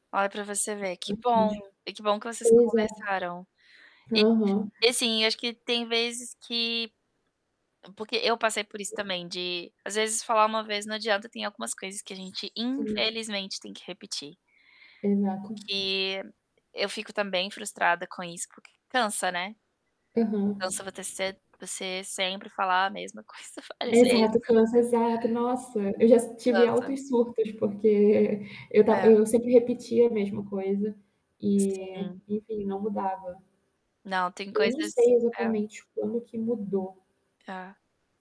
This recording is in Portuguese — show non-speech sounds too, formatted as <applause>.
Olha, pra você ver. Que bom. <unintelligible> E que bom que vocês Pois é. conversaram. Aham. E <unintelligible> e assim: eu acho que tem vezes que porque eu passei por isso também de, às vezes, falar uma vez não adianta e tem algumas coisas que a gente Sim. infelizmente tem que repetir. O Exato. que eu fico também frustrada com isso porque cansa, né? Aham. Cansa você se você sempre falar a mesma coisa várias vezes. Exato, cansa exato. Nossa, eu já s tive Cansa. altos surtos porque e e eu estava É. eu sempre repetia a mesma coisa, e, Sim. enfim, não mudava. Não, tem Eu não coisas sei é exatamente quando que mudou. Tá.